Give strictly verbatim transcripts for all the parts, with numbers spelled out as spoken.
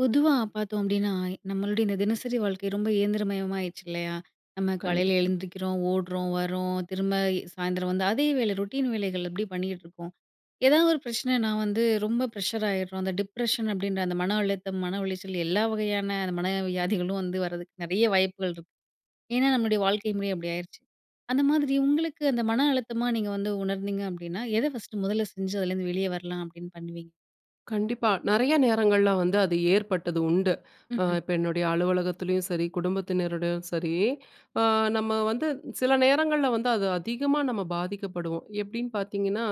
பொதுவா பார்த்தோம் அப்டின்னா நம்மளுடைய இந்த தினசரி வாழ்க்கை ரொம்ப இயந்திரமயமாயிடுச்சு இல்லையா? நம்ம காலையில கண்டிப்பா. எழுந்திருக்கிறோம், ஓடுறோம், வறோம், திரும்ப சாயந்திரம் வந்து அதே வேல ரூட்டின் வேலைகள் அப்டி பண்ணிட்ருக்கோம். ஏதாவது ஒரு பிரச்சனைன்னா வந்து ரொம்ப பிரஷர் ஆயிடுறோம். அந்த டிப்ரஷன் அப்டின்ற அந்த மன அழுத்தம், மன உளைச்சல் எல்லா வகையான அந்த மன வியாதிகளும் வந்து வரதுக்கு நறைய வாய்ப்புகள் இருக்கு. ஏன்னா நம்முடைய வாழ்க்கை முறை அப்டி ஆயிறுச்சு. அந்த மாதிரி உங்களுக்கு அந்த மன அழுத்தமா நீங்க வந்து உணர்ந்தீங்க அப்டின்னா எத ஃபர்ஸ்ட் முதல்ல செஞ்சு அதுல இருந்து வெளியே வரலாம் அப்டின்னு பண்ணுவீங்க? கண்டிப்பா, நெறைய நேரங்கள்ல வந்து அது ஏற்பட்டது உண்டு. அ ம்ஹ்ம். இப்ப என்னுடைய அலுவலகத்துலயும் சரி, குடும்பத்தினர் கூடயும் சரி, அ நம்ம வந்து சில நேரங்கள்ல வந்து அது அதிகமா நம்ம பாதிக்கப்படுவோம். எப்டின்னு பாத்தீங்கன்னா,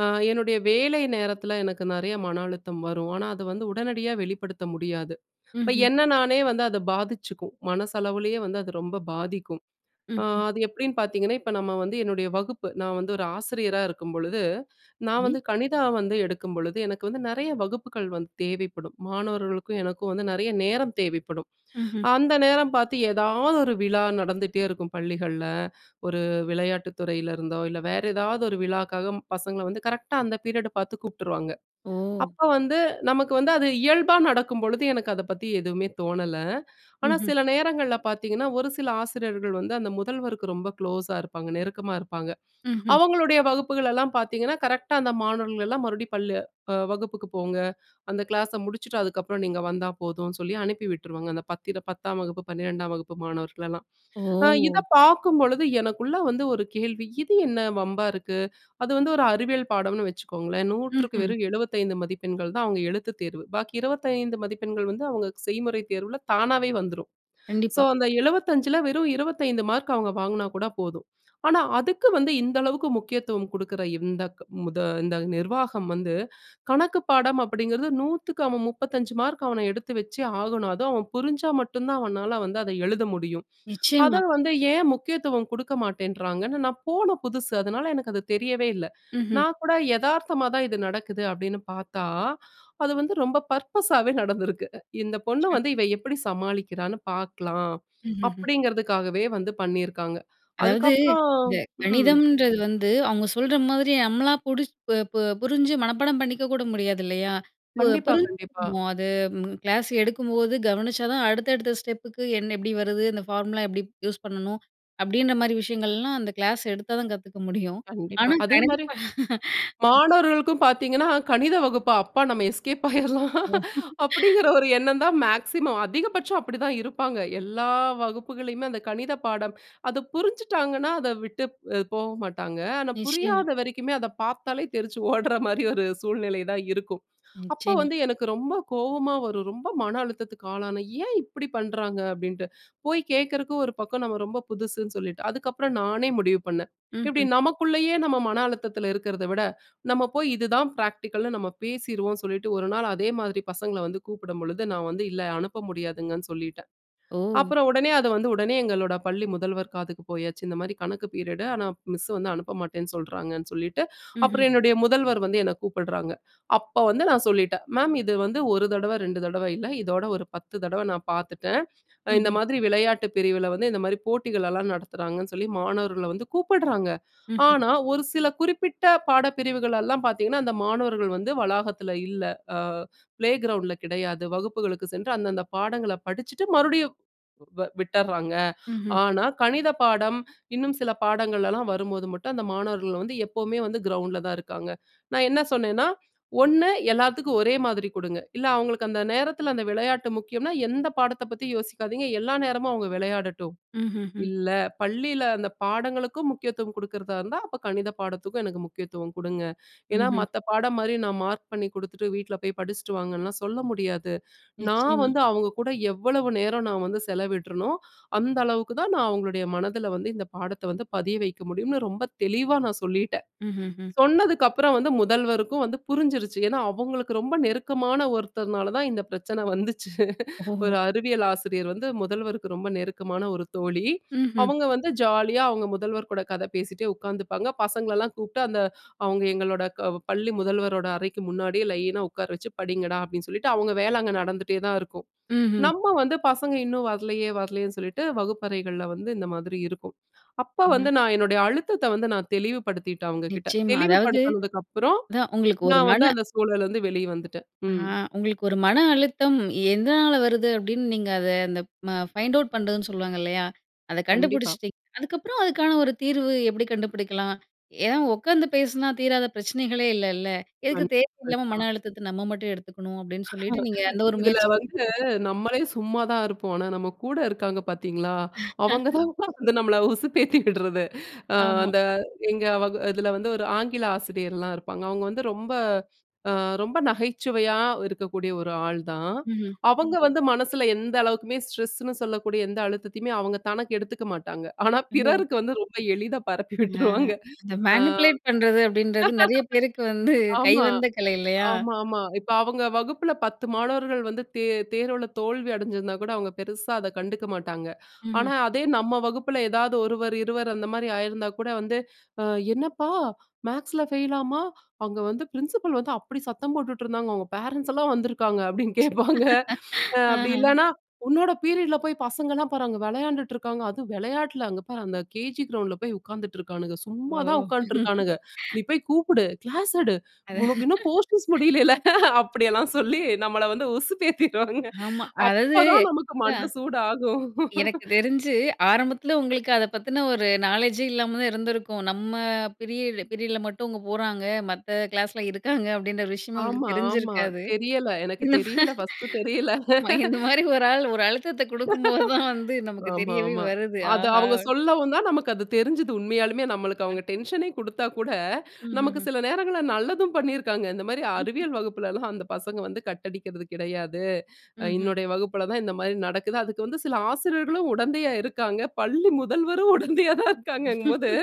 அ என்னுடைய வேலை நேரத்துல எனக்கு நெறைய மன அழுத்தம் வரும். ஆனா அத வந்து உடனடியா வெளிப்படுத்த முடியாது. அப்ப ம்ஹ்ம். என்ன நானே வந்து அது பாதிச்சுக்கும். மனசளவுலயே வந்து அது ரொம்ப பாதிக்கும். அ ம்ஹ்ம். அது எப்டின்னு பாத்தீங்கன்னா, இப்ப நம்ம வந்து என்னுடைய வகுப்பு, நான் வந்து ஒரு ஆசிரியரா இருக்கும் பொழுது, நான் சரி. வந்து கணிதம் எடுக்கும் பொழுது, எனக்கு வந்து நெறைய வகுப்புக்கள் வந்து தேவைப்படும். மாணவர்களுக்கும் எனக்கும் வந்து நெறைய நேரம் தேவைப்படும். ம்ஹ்ம். அந்த நேரம் பாத்து எதாவது ஒரு விழா நடந்துட்டே இருக்கும் பள்ளிகள்ல. ஒரு விளையாட்டுத் துறையில இருந்தோ, இல்ல வேற எதாவது ஒரு விழாக்காக பசங்கள வந்து கரெக்டா அந்த பீரியட பாத்து கூப்டுருவாங்க. ஓ! அப்ப வந்து நமக்கு அது இயல்பா நடக்கும் பொழுது எனக்கு அத பத்தி எதுவுமே தோணல. ஆனா ம்ஹ்ம். சில நேரங்கள்ல பாத்தீங்கன்னா, ஒரு சில ஆசிரியர்கள் வந்து அந்த முதல்வருக்கு ரொம்ப க்ளோஸ்ஸா இருப்பாங்க, நெருக்கமா இருப்பாங்க. ம்ஹ்ம். அவங்களுடைய வகுப்புகளலாம் பாத்தீங்கன்னா, கரெக்டா அந்த மாணவர்களலாம் மறுபடியும் பள்ள வகுப்புக்கு போங்க, அந்த கிளாஸ முடிச்சுட்டு அதுக்கப்புறம் நீங்க வந்தா போதும்னு சொல்லி அனுப்பி விட்ருவாங்க, அந்த பத்தி பத்தாம் வகுப்பு பன்னிரெண்டாம் வகுப்பு மாணவர்களலாம். அ ஓ! இதப்பார்க்கும் பொழுது எனக்குள்ள வந்து ஒரு கேள்வி, இது என்ன வம்பா இருக்கு? அது வந்து ஒரு அறிவியல் பாடம்னு வச்சுக்கோங்களேன், நூற்றுக்கு ம்ஹ்ம். வெறும் எழுபத்தைந்து மதிப்பெண்கள் தான் அவங்க எழுத்துத் தேர்வு. பாக்கி இருபத்தைந்து மதிப்பெண்கள் வந்து அவங்க செய்முறைத் தேர்வுல தானாவே வந்துரும். ஸோ, கண்டிப்பா. அந்த எழுபத்தஞ்சுல வெறும் இருபத்தைந்து மார்க் அவங்க வாங்குனா கூட போதும். ஆனா அதுக்கு வந்து இந்த அளவுக்கு முக்கியத்துவம் குடுக்குற இந்தக் முத இந்த நிர்வாகம் வந்து, கணக்குப் பாடம் அப்டிங்கிறது நூத்துக்கு அவன் முப்பத்தஞ்சு மார்க் அவன எடுத்து வச்சு ஆகணும். அதுவும் அவன் புரிஞ்சா மட்டும்தான் அவனால வந்து அத எழுத முடியும். அத நிச்சயமா. வந்து ஏன் முக்கியத்துவம் குடுக்க மாட்டேன்றாங்கன்னு நான் போன புதுசு, அதனால எனக்கு அது தெரியவே இல்ல. ம்ஹ்ம். நான் கூட எதார்த்தமா தான் இது நடக்குது அப்டின்னு பாத்தா, அது வந்து ரொம்ப பர்ப்பஸாவே நடந்திருக்கு. இந்த பொண்ண ம். வந்து இவ எப்டி சமாளிக்கிறான்னு பாக்கலாம்? ம்ஹ்ஹ்ம். அப்டிங்கிறதுக்காகவே வந்து பண்ணிருக்காங்க. அதாவது அதுக்கப்புறம் இந்த ம். கணிதம்ன்றது வந்து அவங்க சொல்ற மாதிரி நம்மளா புடிச் ப ப புரிஞ்சு மனப்பாடம் பண்ணிக்க கூட முடியாதுலையா? பு கண்டிப்பா கண்டிப்பா. புரிஞ்சுக்கணும். அது கிளாஸ் எடுக்கும் போது கவனிச்சாதான் அடுத்தடுத்த ஸ்டெப்புக்கு எண் எப்டி வருது? அந்த பார்முலா எப்டி யூஸ் பண்ணனும்? அப்டின்ற மாரி விஷயங்கள்லாம் அந்த கிளாஸ் எடுத்தாதான் கத்துக்க முடியும். கண்டிப்பா. ஆனா அதே கணக்கு மாரி, பா ம். மாணவர்களுக்கும் பாத்தீங்கன்னா கணித வகுப்பா? அப்பா! நம்ம எஸ்கேப் ஆயிரலாம், ஓ! அப்டிங்கிற ஒரு எண்ணம் தான் மேக்ஸிமம் அதிகபட்சம் அப்டித்தான் இருப்பாங்க. எல்லா வகுப்புகளுமே. அந்த கணித பாடம், அது புரிஞ்சுட்டாங்கன்னா அத விட்டுப்போக மாட்டாங்க. ஆனா நிச்சயமா. புரியாத வரைக்குமே அத பாத்தாலே தெறிச்சு ஓடுற மாதிரி ஒரு சூழ்நிலை தான் இருக்கும். அப்ப நிச்சயமா. வந்து எனக்கு ரொம்ப கோவமா வரும். ரொம்ப மன அழுத்தத்துக்கு ஆளானேன். ஏன் இப்டிப் பண்றாங்க? அப்டின்ட்டு. போய் கேக்குறதுக்கு ஒரு பக்கம் நம்ம ரொம்ப புதுசுன்னு சொல்லிட்டு. அதுக்கப்புறம் நானே முடிவு பண்ணேன். இப்டி ம்ஹ்ம். நமக்குள்ளேயே நம்ம மன அழுத்தத்துல இருக்கறத விட, நம்ம போய் இதுதான் பிராக்டிகல்னு நம்ம பேசிருவோம்னு சொல்லிட்டு, ஒரு நாள் அதே மாதிரி பசங்கள வந்து கூப்டும்பொழுது, நான் வந்து இல்ல, அனுப்ப முடியாதுங்கன்னு சொல்லிட்டேன். ஓ! அப்புறம் உடனே அது வந்து உடனே எங்களோட பள்ளி முதல்வர் காதுக்கு போயாச்சு. இந்த மாதிரி கணக்கு பீரியட்டு ஆனா மிஸ் வந்து அனுப்ப மாட்டேன்னு சொல்றாங்கன்னு சொல்லிட்டு. ம்ஹ்ம். அப்புறம் என்னுடைய முதல்வர் வந்து என்ன கூப்டுறாங்க. அப்ப வந்து நான் சொல்லிட்டேன். மேம் இது வந்து ஒரு தடவ ரெண்டு தடவ இல்ல, இதோட ஒரு பத்து தடவ நான் பாத்துட்டேன். அ இந்த ம்ஹ்ம். மாதிரி விளையாட்டுப் பிரிவுல வந்து இந்த மாரி போட்டிகளலாம் நடத்துறாங்கன்னு சொல்லி மாணவர்கள வந்து கூப்டுறாங்க. ம்ஹ்ம். ஆனா ஒரு சில குறிப்பிட்ட பாடப் பிரிவுகள் எல்லாம் பாத்தீங்கன்னா, அந்த மாணவர்கள் வந்து வளாகத்துல இல்ல, அ பிளே கிரவுண்ட்ல கிடையாது, வகுப்புகளுக்கு சென்று அந்தந்தப் பாடங்கள படிச்சுட்டு மறுபடியும் வ விட்டறாங்க. ம்ஹ்ம். ஆனா, கணித பாடம் இன்னும் சில பாடங்களலாம் வரும் போது மட்டும் அந்த மாணவர்கள் வந்து எப்பவுமே கிரவுண்ட்ல தான் இருக்காங்க. நான் என்ன சொன்னேன்னா, ஒண்ணு எல்லாத்துக்கும் ஒரே மாதிரி குடுங்க. இல்ல அவங்களுக்கு அந்த நேரத்துல அந்த விளையாட்டு முக்கியம்னா, எந்தப் பாடத்த பத்தியும் யோசிக்காதீங்க, எல்லா நேரமும் அவங்க விளையாடட்டும். ம்ஹ்ஹ்ம். இல்ல பள்ளில அந்தப் பாடங்களுக்கும் முக்கியத்துவம் குடுக்குறதா இருந்தா, அப்ப கணித பாடத்துக்கும் எனக்கு முக்கியத்துவம் குடுங்க. ஏன்னா, ம்ஹ்ம் மத்த பாடம் மாரி நான் மார்க் பண்ணிக் குடுத்துட்டு வீட்ல போய் படிச்சுட்டு வாங்கன்னு சொல்ல முடியாது. நான் நிச்சயமா. வந்து அவங்க கூட எவ்வளவு நேரம் நான் வந்து செலவிட்ரேனோ, அந்த அளவுக்கு தான் நான் அவங்களுடைய மனதுல வந்து இந்த பாடத்த வந்து பதிய வைக்க முடியும்னு ரொம்ப தெளிவா நான் சொல்லிட்டேன். ம்ஹ்ஹ்ம். சொன்னதுக்கப்புறம் வந்து, முதல்வருக்கும் வந்து புரிஞ்சிருச்சு. ஏன்னா, அவங்களுக்கு ரொம்ப நெருக்கமான ஒருத்தர்னால தான் இந்தப் பிரச்சன வந்துச்சு. ஓஹோ! ஒரு அறிவியல் ஆசிரியர் வந்து முதல்வருக்கு ரொம்ப நெருக்கமான ஒரு தோழி. ம்ஹ்ம். அவுங்க வந்து ஜாலியாஅவங்க முதல்வர் கூட கத பேசிட்டே உக்காந்துப்பாங்க, பசங்களலாம் கூப்டு அந்த அவங்க எங்களோட க பள்ளி முதல்வரோட அறைக்கு முன்னாடியே லைனா உக்கார வச்சு படிங்கடா அப்டின்னு சொல்லிட்டு அவங்க வேல அங்க நடந்துட்டே தான் இருக்கும். ம்ஹ்ம். நம்ம வந்து பசங்க இன்னும் வர்லையே வர்லையேன்னு சொல்லிட்டு வகுப்பறைகள்ல வந்து இந்த மாதிரி இருக்கும். அப்போ ம். வந்து நான் என்னுடைய அழுத்தத்த வந்து நான் தெளிவுபடுத்திட்டேன் அவங்க கிட்ட. நிச்சயமா அதாவது, தெளிவுபடுத்தினதுக்கப்புறம் அதான் உங்களுக்கு ஒரு நான் வந்து மன அந்த சூழல்ல இருந்து வெளிவந்துட்டேன். அ ம். உங்களுக்கு ஒரு மன அழுத்தம் எதனால வருது? அப்டின்னு நீங்க அத அந்த பைண்ட் அவுட் பண்றதுன்னு சொல்லுவாங்க இல்லையா? அத கண்டிப்பா. கண்டுபிடிச்சிட்டீங்க. அதுக்கப்புறம் அதுக்கான ஒரு தீர்வு எப்டி கண்டுபிடிக்கலாம்? ஏன்னா உட்கார்ந்து பேசுனா தீராத பிரச்சனைகளே இல்லல. எதுக்கு கண் தேவையில்லாம கண்டிப்பா. மன அழுத்தத்த நம்ம மட்டும் எடுத்துக்கணும் அப்டின்னு சொல்லிட்டு நீங்க அந்த ஒரு இதுல முயற்சி. வந்து, [unintelligible] நம்மளே சும்மாதான் இருப்போம். ஆனா நம்ம கூட இருக்காங்க பாத்தீங்களா, அவங்க தான் வந்து நம்மள உசுப்பேத்தி விடுறது. அ ஆமா. அந்த எங்க வகு இதுல வந்து ஒரு ஆங்கில ஆசிரியர்லாம் இருப்பாங்க. அவங்க வந்து ரொம்ப அ ரொம்ப நகைச்சுவையா இருக்கக்கூடிய ஒரு ஆள்தான். ம்ஹ்ம். அவங்க வந்து மனசுல எந்த அளவுக்குமே ஸ்ட்ரெஸ்னு சொல்லக்கூடிய எந்த அழுத்தத்தையுமே அவங்க தனக்கு எடுத்துக்க மாட்டாங்க. ஆனா ஓ! பிறருக்கு வந்து ரொம்ப எளிதா பரப்பி அ விட்ருவாங்க. இந்த அ. மேனிபுலேட் பண்றது அப்டின்றது நெறைய பேருக்கு வந்து ஆமா. கைவந்த கலை இல்லையா? ஆமாமா. இப்ப அவங்க வகுப்புல பத்து மாணவர்கள் வந்து தே தேர்வுல தோல்வி அடஞ்சிருந்தா கூட அவங்க பெருசா அத கண்டுக்க மாட்டாங்க. ஆனா ம்ஹ்ம். அதே நம்ம வகுப்புல எதாவது ஒருவர், இருவர் அந்த மாரி ஆயிருந்தா கூட வந்து, அ என்னப்பா மேக்ஸ்ல ஃபெயிலாமா? அங்க வந்து பிரின்சிபல் வந்து அப்டி சத்தம் போட்டுட்ருந்தாங்க, அவங்க பேரண்ட்ஸ்லாம் வந்துருக்காங்க அப்டின்னு கேப்பாங்க. அ அப்டி ஆஹ. இல்லன்னா, உன்னோட பீரியட்ல போய் பசங்கலாம் அங்க பாரு விளையான்டுட்ருக்காங்க, அதுவும் வெளையாட்டுல, அங்க பாரு அந்த கேஜி கிரவுண்ட்ல போய் உக்காந்துட்ருக்கானுங்க. சும்மாதான் ஓ! உக்காந்ட்டுருக்கானுங்க. நீ போய் கூப்புடு, கிளாஸ் எடு. அது. உனக்கு இன்னும் போர்ஷன்ஸ் முடியலல்ல, ஹ அப்டிலாம் சொல்லி நம்மள வந்து உசுப்பேத்திருவாங்க. ஆமா அதாவது, அப்பதான் நமக்கு அதான். மண்ட சூடாகும் எனக்கு தெரிஞ்சு ஆரம்பத்துல உங்களுக்கு அத பத்தின ஒரு நாலேட்ஜே இல்லாம தான் இருந்திருக்கும். நம்ம பீரியட் பீரியட்ல மட்டும் அவங்க போறாங்க, மத்த கிளாஸ்ல இருக்காங்க அப்டின்ற ஒரு விஷயமே ஆமா உங்களுக்கு ஆமா. தெரிஞ்சிருக்காது. தெரியல, எனக்கு இந்த தெரியல, ஃபஸ்ட்டு தெரியல. மா இந்த மாரி ஒரு ஆள் ஒரு அழுத்தத்த குடுக்கும் போதுதான் வந்து நமக்கு ஆமா தெரியவே ஆமா. வருது. அத ஆஹா! அவங்க சொல்லவும்தான் நமக்கு அது தெரிஞ்சது உண்மையாலுமே, நமக்கு அ. அவங்க டென்ஷனே குடுத்தா கூட, நமக்கு ம்ஹ்ஹ்ம். சில நேரங்கள்ல நல்லதும் பண்ணிருக்காங்க. இந்த மாரி அறிவியல் வகுப்புலலாம் அந்தப் பசங்க வந்து கட் அடிக்கிறது கிடையாது. ம்ஹ்ம். என்னுடைய வகுப்புல தான் இந்த மாரி நடக்குது. அதுக்கு வந்து சில ஆசிரியர்களும் உடந்தையா இருக்காங்க, பள்ளி முதல்வரும் உடந்தையா தான் இருக்காங்கங்கும்போது,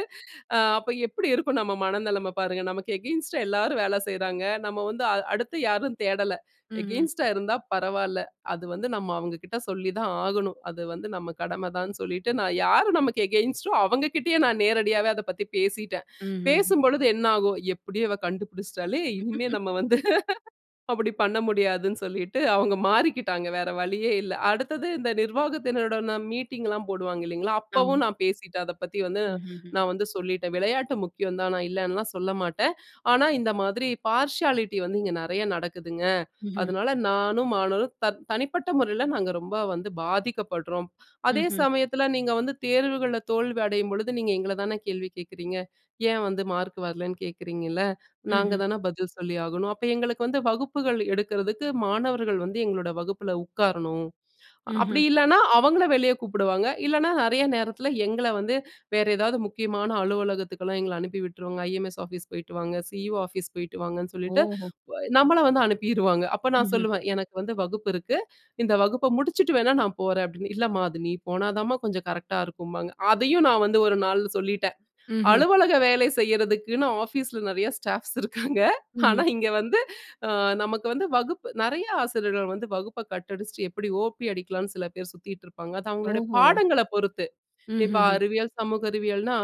அ அப்ப எப்டி இருக்கும் நம்ம மனநெலம பாருங்க. நமக்கு அகைன்ஸ்ட்டா எல்லாரும் வேலை செய்றாங்க. நம்ம வந்து அ அடுத்து யாரும் தேடல. ம்ஹ்ம். அகைன்ஸ்ட்டா இருந்தா பரவாயில்ல. அது வந்து நம்ம அவங்ககிட்ட சொல்லிதான் ஆகணும். அது வந்து நம்ம கடமதான்னு சொல்லிட்டு, நான் யாரு நமக்கு அகைன்ஸ்ட்டோ அவங்ககிட்டயே நான் நேரடியாவே அதப்பத்தி பேசிட்டேன். ம்ஹ்ஹ்ம். பேசும்பொழுது என்ன ஆகும்? எப்படியோ இவ கண்டுபிடிச்ட்டாளே! இனிமே நம்ம வந்து அப்டி பண்ண முடியாதுன்னு சொல்லிட்டு அவுங்க மாறிக்கிட்டாங்க, வேற வழியே இல்ல. அடுத்தது இந்த நிர்வாகத்தினருடன் மீட்டிங்லாம் போடுவாங்க இல்லீங்களா? அப்பவும் ஆமா. நான் பேசிட்டேன், அதப்பத்தி வந்து ம்ஹ்ஹ்ம். நான் வந்து சொல்லிட்டேன். விளையாட்டு முக்கியம்தான், நான் இல்லன்லா சொல்லமாட்டேன். ஆனா இந்த மாதிரி பார்சியாலிட்டி வந்து இங்க நெறையா நடக்குதுங்க. ம்ஹ்ம். அதனால, நானும் மாணவர்களும் த தனிப்பட்ட முறைல நாங்க ரொம்ப வந்து பாதிக்கப்படுறோம். அதே ம்ஹ்ம். சமயத்துல நீங்க வந்து தேர்வுகள்ல தோல்வி அடையும் பொழுது, நீங்க எங்களதான கேள்வி கேக்குறீங்க? ஏன் வந்து மார்க் வரலன்னு கேக்குறீங்கள? ம்ஹ்ம். நாங்கதான பதில் சொல்லி ஆகணும். அப்ப எங்களுக்கு வந்து, வகுப்புகள் எடுக்குறதுக்கு மாணவர்கள் வந்து எங்களோட வகுப்புல உட்காரணும். ம்ஹ்ம். அப்டி இல்லனா, அவங்கள வெளிய கூப்டுவாங்க, இல்லனா நெறைய நேரத்துல எங்கள வந்து வேற எதாவது முக்கியமான அலுவலகத்துக்கெல்லாம் எங்கள அனுப்பி விட்ருவாங்க, ம் இ.எம்.ஐ.எஸ் ஆபிஸ் போயிட்டு வாங்க, சி.ஈ.ஓ ஆபிஸ் போயிட்டு வாங்கன்னு சொல்லிட்டு, ஓஹோ! நம்மள வந்து அனுப்பிருவாங்க. அப்ப நான் ம்ஹ்ம். சொல்லுவேன், எனக்கு வந்து வகுப்பு இருக்கு, இந்த வகுப்ப முடிச்சுட்டு வேணா நான் போறேன்னு. இல்லமா நீ போனாத்தாம்மா கொஞ்சம் கரெக்ட்டா இருக்கும்பாங்க. அதையும் நான் வந்து ஒரு நாள் சொல்லிட்டேன். ம்ஹ்ம். அலுவலக வேலை செய்யறதுக்குன்னு ஆபிஸ்ல நெறையா ஸ்டாப்ஸ் இருக்காங்க. ம்ஹ்ம். ஆனா இங்க வந்து அ நமக்கு வந்து வகுப்பு நெறைய ஆசிரியர்கள் வந்து வகுப்ப கட் அடிச்சிட்டு எப்டி ஓ.பி அடிக்கலாம்னு சில பேர் சுத்திட்ருப்பாங்க. அது அவங்களுடைய ஓஹோ! பாடங்கள பொறுத்து. இப்ப ம்ஹ்ஹ்ம். அறிவியல், சமூக அறிவியல்னா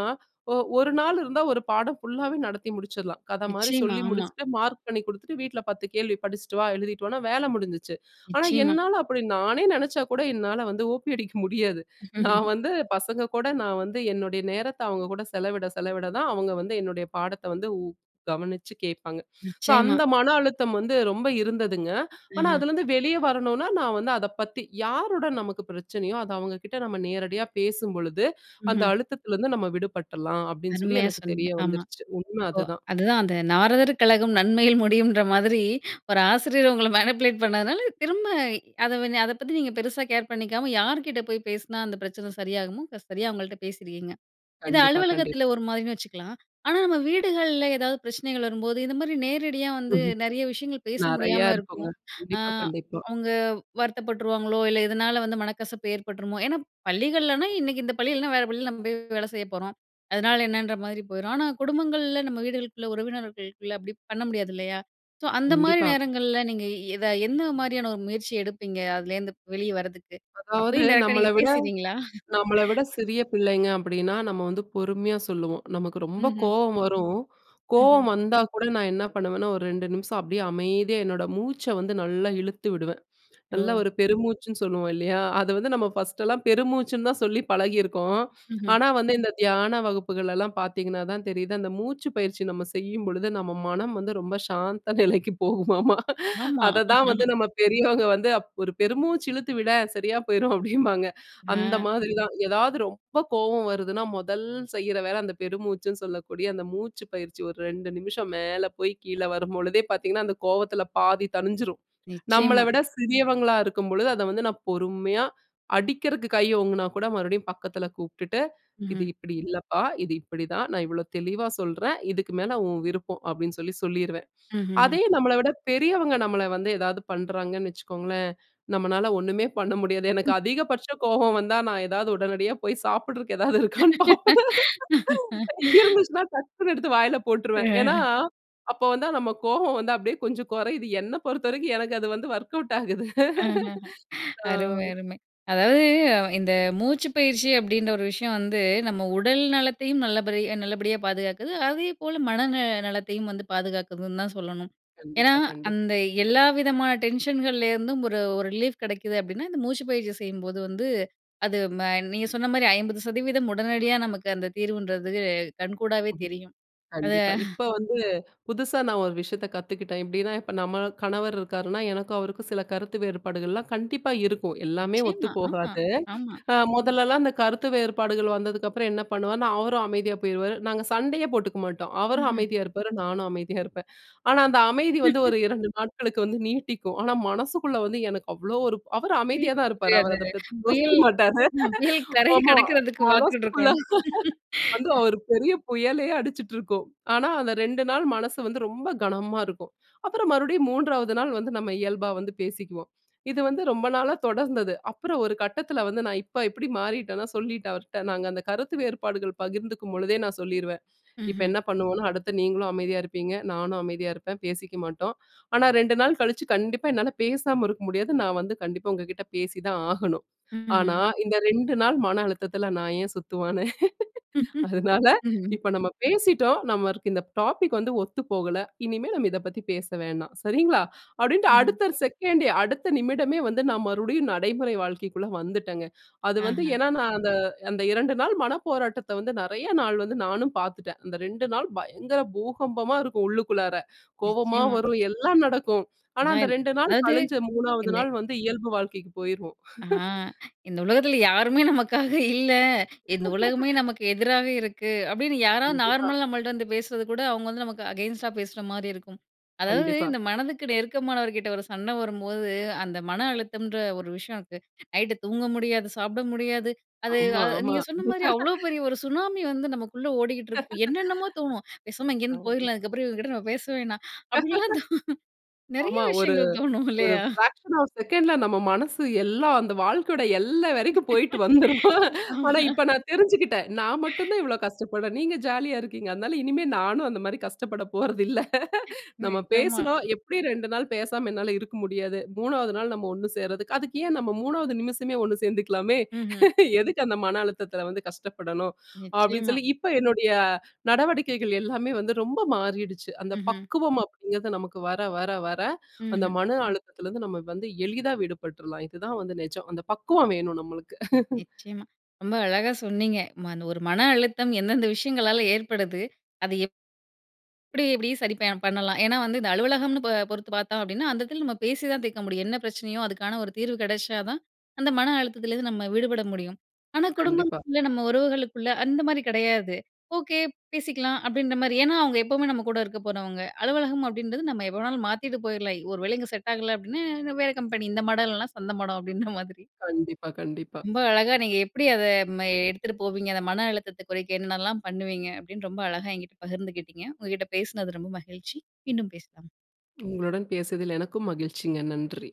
ஒ ஒரு நாள் இருந்தா ஒரு பாடம் ஃபுல்லாவே நடத்தி முடிச்சிடலாம். கத மாரி நிச்சயமா சொல்லி ஆமா. முடிச்சுட்டு, மார்க் பண்ணி குடுத்துட்டு, வீட்ல பத்து கேள்வி படிச்சிட்டு வா, எழுதிட்டு வான்னா வேல முடிஞ்சிச்சு. ஆனா நிச்சயமா. என்னால அப்டி, நானே நெனச்சா கூட என்னால வந்து ஓ.பி அடிக்க முடியாது. நான் வந்து பசங்க கூட நான் வந்து என்னுடைய நேரத்த அவங்க கூட செலவிட செலவிடதான் அவங்க வந்து என்னுடைய பாடத்த வந்து உ கவனிச்சு கேப்பாங்க. ஸோ நிச்சயமா. அந்த மன அழுத்தம் வந்து ரொம்ப இருந்ததுங்க. ஆனா அஹ. அதுலருந்து வெளிய வரணும்னா நான் வந்து அதப்பத்தி யாருடன் நமக்கு பிரச்சனயோ அது அவங்ககிட்ட நம்ம நேரடியா பேசும் பொழுது, அந்த ம்ஹ்ம். அழுத்தத்துலருந்து நம்ம விடுபட்றலாம் அப்டின்னு சொல்லி, அருமையா எனக்கு சொன்னீங்க தெரிய ஆமா. வந்துர்ச்சு, உண்ம இப்போ அதுதான். அதுதான் அந்த நாரதர் கலகம் நன்மையில் முடியும்ன்ற மாதிரி. ஒரு ஆசிரியர் உங்கள மேனிபுலேட் பண்ணதுனால திரும்ப அத அத பத்தி நீங்க பெருசா கேர் பண்ணிக்காம, யார்கிட்ட போய் பேசுனா அந்த பிரச்சன சரியாகுமோ க சரியா அவங்கள்ட்ட பேசிருக்கீங்க. இது கண்டிப்பா கண்டிப்பா. அலுவலகத்துல ஒரு மாரின்னு வச்சுக்கலாம். ஆனா நம்ம வீடுகள்ல எதாவது பிரச்சனைகள் வரும்போது இந்த மாதிரி நேரடியா வந்து ம்ஹ்ம் நெறைய விஷயங்கள் பேச நெறைய முடியாம இருக்குங்க. இருக்கும். அ கண்டிப்பா கண்டிப்பா. அவங்க வருத்தப்பட்டுருவாங்களோ, இல்ல இதனால வந்து மனக்கசப்பு ஏற்பட்ருமோ, ஏன்னா பள்ளிகள்னா இன்னைக்கு இந்த பள்ளினா வேற பள்ளியில நம்ம போய் வேல செய்ய போறோம். அதனால என்னன்ற மாரி போயிரும். ஆனா குடும்பங்கள்ல நம்ம வீடுகளுக்குள்ள உறவினர்கள்குள்ள அப்டி பண்ண முடியாது இல்லையா? ஸோ அந்த மாரி கண்டிப்பா. நேரங்கள்ல நீங்க எத எந்த மாரியான ஒரு முயற்சி எடுப்பீங்க? அதுல இந்து வெளிய வர்றதுக்கு? அதாவது அப்பயும் டேரக்டா நம்மள நீங்க விட, பேசிறீங்களா? நம்மள விட சிறிய பிள்ளைங்க அப்டின்னா நம்ம வந்து பொறுமையா சொல்லுவோம். நமக்கு ரொம்ப ம்ஹ்ம். கோவம் வரும். கோவம் ம்ஹ்ம். வந்தா கூட நான் என்ன பண்ணுவேன்னா ஒரு ரெண்டு நிமிஷம் அப்டியே அமைதியா என்னோட மூச்ச வந்து நல்லா இழுத்து விடுவேன். நல்லா ஓ! ஒரு பெருமூச்சுன்னு சொல்லுவோம் இல்லையா? அத வந்து நம்ம ஃபர்ஸ்ட் எல்லாம் பெருமூச்சுன்னு தான் சொல்லி பழகி இருக்கோம். ம்ஹ்ம். ஆனா வந்து இந்த தியான வகுப்புகள்லலாம் பார்த்தீங்கன்னாதான் தெரியுது, அந்த மூச்சு பயிற்சி நம்ம செய்யும் பொழுது நம்ம மனம் வந்து ரொம்ப சாந்த நிலைக்கு போகுமாமா. ஆமா. அததான் வந்து நம்ம பெரியவங்க வந்து ஒரு பெருமூச்சு இழுத்து விடேன்! சரியா போயிரும் அப்டிம்பாங்க. அந்த அ. மாதிரிதான். எதாவது ரொம்ப கோவம் வருதுன்னா மொதல் செய்ற வேல அந்த பெருமூச்சுன்னு சொல்லக்கூடிய அந்த மூச்சு பயிற்சி ஒரு ரெண்டு நிமிஷம் மேல போய் கீழ வரும் பொழுதே பார்த்தீங்கன்னா அந்த கோவத்துல பாதி தணிஞ்சிரும். நம்மள நிச்சயமா. விட சிறியவங்களா இருக்கும் பொழுது அத வந்து நான் பொறுமையா அடிக்கறதுக்கு கைய ஓங்குனா கூட, மறுபடியும் பக்கத்துல கூப்டுட்டு, இது ம்ஹ்ம். இப்டி இல்லப்பா, இது இப்டித்தான், நான் இவ்வளோ தெளிவா சொல்றேன், இதுக்கு மேல உன் விருப்பம் அப்டின்னு சொல்லி சொல்லிருவேன். ம்ஹ்ஹ்ம். அதே நம்மள விட பெரியவங்க நம்மள வந்து எதாவது பண்றாங்கன்னு வச்சுக்கோங்களேன் நம்மனால ஒண்ணுமே பண்ண முடியாது. எனக்கு அதிகபட்ச கோவம் வந்தா நான் எதாவது உடனடியா போய் சாப்புடுறதுக்கு எதாவது இருக்கான்னு பார்ப்பேன். இங்க இருந்துச்சுன்னா டக்குன்னு எடுத்து வாயில போட்ருவேன். ஏன்னா, ம்ஹ்ம். அப்ப வந்து நம்ம கோவம் வந்து அப்டியே கொஞ்சம் கொறையுது. என்ன பொறுத்த வரைக்கும் எனக்கு அது வந்து வொர்க் அவுட் ஆகுது. அஹஹ ஆ. அருமை அருமை. அதாவது இந்த மூச்சுப்பயிற்சி அப்டின்ற ஒரு விஷயம் வந்து, நம்ம உடல் நலத்தையும் நல்லபடி நல்லபடியா பாதுகாக்குது, அதே போல மன ந நலத்தையும் வந்து பாதுகாக்குதுன்னு தான் சொல்லணும். ஏனா கண்டிப்பா கண்டிப்பா. அந்த எல்லா விதமான டென்ஷன்கள்லேருந்தும் ஒரு ஒரு ரிலீப் கெடைக்குது அப்டின்னா, இந்த மூச்சுப்பயிற்சி செய்யும் போது வந்து அது ம நீங்க சொன்ன மாரி ஐம்பது சதவீதம் உடனடியா நமக்கு அந்த தீர்வுன்றது கண்கூடாவே தெரியும். அத கண்டிப்பா, இப்ப வந்து புதுசா நான் ஒரு விஷயத்த கத்துக்கிட்டேன். எப்டின்னா இப்ப நம்ம கணவர் இருக்காருன்னா எனக்கும் அவருக்கும் சில கருத்து வேறுபாடுகள்லாம் கண்டிப்பா இருக்கும், எல்லாமே நிச்சயமா ஆமா. ஒத்துப்போகாது. ஆமா. அ முதல்லலாம் அந்த கருத்து வேறுபாடுகள் வந்ததுக்கப்புறம் என்ன பண்ணுவாருன்னா, அவரும் அமைதியா போயிருவாரு, நாங்க சண்டையே போட்டுக்கமாட்டோம். அவரும் ம்ஹ்ம். அமைதியா இருப்பாரு, நானும் அமைதியா இருப்பேன். ஆனா அந்த அமைதி வந்து ஒரு இரண்டு நாட்களுக்கு வந்து நீட்டிக்கும். ஆனா மனசுக்குள்ள வந்து எனக்கு அவ்ளோ ஒரு அவரு [unintelligible] அமைதியா தான் இருப்பாரு, அத அவரு அதப்பத்தி யோசிக்க புயல், மாட்டாரு. ஹ புயல் கரைய ஆமா கடக்குறதுக்கு மனசுக்குள்ள, பார்த்துக்கிட்ருக்கோம். வந்து ஒரு பெரிய புயலே அடிச்சிட்ருக்கும். ஆனா, அந்த ரெண்டு நாள் மனசு வந்து ரொம்ப கனமா இருக்கும். அப்பறம் மறுபடியும் மூன்றாவது நாள் வந்து நம்ம இயல்பா வந்து பேசிக்குவோம். இது வந்து ரொம்ப நாளா தொடர்ந்தது. அப்பறம் ஒரு கட்டத்துல வந்து, நான் இப்ப எப்படி மாறிட்டேன்னா, சொல்லிட்டேன் அவர்ட நாங்க அந்த கருத்து வேறுபாடுகள் பகிர்ந்துக்கும் பொழுதே நான் சொல்லிருவேன். இப்ப ம்ஹ்ம். என்ன பண்ணுவோம்னா, அடுத்த நீங்களும் அமைதியா இருப்பீங்க, நானும் அமைதியா இருப்பேன், பேசிக்கமாட்டோம். ஆனா ரெண்டு நாள் கழிச்சு கண்டிப்பா என்னால பேசாம இருக்க முடியாது, நான் வந்து கண்டிப்பா உங்ககிட்ட பேசிதான் ஆகணும். ஆனா ம்ஹ்ம். இந்த ரெண்டு நாள் மன அழுத்தத்துல நான் ஏன் சுத்துவானே? அதனால, ம்ஹ்ம். இப்ப நம்ம பேசிட்டோம், நம்மளுக்கு இந்த டாபிக் வந்து ஒத்துப்போகல, இனிமே நம்ம இதப்பத்தி பேச வேணாம், சரிங்களா? அப்டின்ட்டு ம்ஹ்ம். அடுத்த செகண்டே அடுத்த நிமிடமே வந்து நான் மறுபடியும் நடைமுறை வாழ்க்கைக்குள்ள வந்துட்டேங்க. அது வந்து ஆஹ. ஏன்னா நான் அந்த அந்த இரண்டு நாள் மன போராட்டத்த வந்து நெறையா நாள் வந்து நானும் பாத்துட்டேன். அந்த ரெண்டு நாள் பயங்கர பூகம்பமா இருக்கும் உள்ளுக்குள்ளார. கோவமா நிச்சயமா. வரும் எல்லாம் நடக்கும். ஆனா அந்த அதான், ரெண்டு நாள் அதாவது கழிஞ்சு மூணாவது என்ன நாள் வந்து இயல்பு வாழ்க்கைக்கு போயிருவோம். ஆ இந்த உலகத்துல யாருமே நமக்காக இல்ல, இந்த உலகமே நமக்கு எதிராவே இருக்கு, அப்டின்னு யாராவது கண்டிப்பா. நார்மலா நம்மள்ட்ட வந்து பேசுறது கூட அவங்க வந்து நமக்கு அகைன்ஸ்டா பேசுற மாரி இருக்கும். அதாவது கண்டிப்பா. இந்த மனதுக்கு நெருக்கமானவர்கிட்ட ஒரு சண்ட வரும்போது, அந்த மன அழுத்தம்ன்ற ஒரு விஷயத்துக்கு. நைட்டு தூங்க முடியாது, சாப்ட முடியாது. அது ஆமா அ ஆமா. நீங்க சொன்ன மாரி அவ்வளோ பெரிய ஒரு சுனாமி வந்து நமக்குள்ள ஓடிக்கிட்டு இருக்கும். என்னென்னமோ தோணும். பேசாம இங்கிருந்து அ. போய்ர்லாம், இதுக்கப்புறம் இவங்ககிட்ட நம்ம பேசவேணாம். அப்டின்னுலாம் தோணும். நெறைய ஆமா ஒரு விஷயங்கள் தோணும் ஒரு இல்லையா? பிராக்‌ஷன் ஆப் செகண்ட்ல நம்ம மனசு எல்லாம் அந்த வாழ்க்கையோட எல்லை வரைக்கும் போயிட்டு வந்துரும். ஆனா ஆஹ. இப்ப நான் தெரிஞ்சுக்கிட்டேன். நான் மட்டும் தான் இவ்ளோ கஷ்டப்படறேன், நீங்க ஜாலியா இருக்கீங்க. அதனால இனிமே நானும் அந்த மாரி கஷ்டப்பட போறதில்ல. நம்ம நிஜமா. பேசுனோம், எப்டி ரெண்டு நாள் பேசாம என்னால இருக்க முடியாது, நாள் மூணாவது நம்ம ஒண்ணு சேர்றதுக்கு, அதுக்கு ஏன் நம்ம மூணாவது நிமிஷமே ஒண்ணு சேர்ந்துக்கலாமே? ம்ஹ்ம். எதுக்கு அந்த மன அழுத்தத்துல வந்து கஷ்டப்படணும். அப்டின்னு நிச்சயமா. சொல்லி இப்ப என்னுடைய நடவடிக்கைகள் எல்லாமே வந்து ரொம்ப மாறிடுச்சு. அந்த ம்ஹ்ம். பக்குவம் அப்டிங்கறது, நமக்கு வர, வர, வர அந்த ம்ஹ்ம். மன அழுத்தத்துலருந்து நம்ம வந்து எளிதா விடுபட்றலாம். இதுதான் வந்து நெஜம், அந்த பக்குவம் வேணும் நம்மளுக்கு. நிச்சயமா. ரொம்ப அழகா சொன்னீங்க. மா ஒரு மன அழுத்தம் எந்தெந்த விஷயங்களால ஏற்படுது? அத எப் எப்டி எப்டி சரி ப பண்ணலாம்? ஏன்னா இந்த அலுவலகம்னு ப பொறுத்து பார்த்தோம் அப்டின்னா, அந்த எடத்துல நம்ம பேசி தான் தீர்க்க முடியும். என்ன பிரச்சனையோ அதுக்கான ஒரு தீர்வு கெடச்சாதான், அந்த மன அழுத்தத்துல இருந்து நம்ம விடுபட முடியும். ஆனா கண்டிப்பா. குடும்பங்கள்ல நம்ம உறவுகளுக்குள்ள அந்த மாரி கெடையாது. ஓகே பேசிக்கலாம், அப்டின்ற மாரி ஏன்னா அவங்க எப்பவுமே நம்ம கூட இருக்க போறவங்க. அலுவலகம் அப்டின்றது நம்ம எப்ப வேணாலும் மாத்திட்டு போய்ரலாம், ஒருவேள இங்க செட் ஆகல அப்டின்னா, வேற கம்பெனி "இந்த மடம் இல்லனா சந்த மடம் அப்டின்ற மாதிரி." கண்டிப்பா கண்டிப்பா. ரொம்ப அழகா நீங்க எப்டி அத ம எடுத்துட்டு போவீங்க? அந்த மன அழுத்தத்த குறைக்க என்னென்னலாம் பண்ணுவீங்க? அப்டின்னு ரொம்ப அழகா என்கிட்ட பகிர்ந்துகிட்டீங்க. உங்ககிட்ட பேசுனது ரொம்ப மகிழ்ச்சி. மீண்டும் பேசலாம். உங்களுடன் பேசியதில் எனக்கும் மகிழ்ச்சிங்க. நன்றி!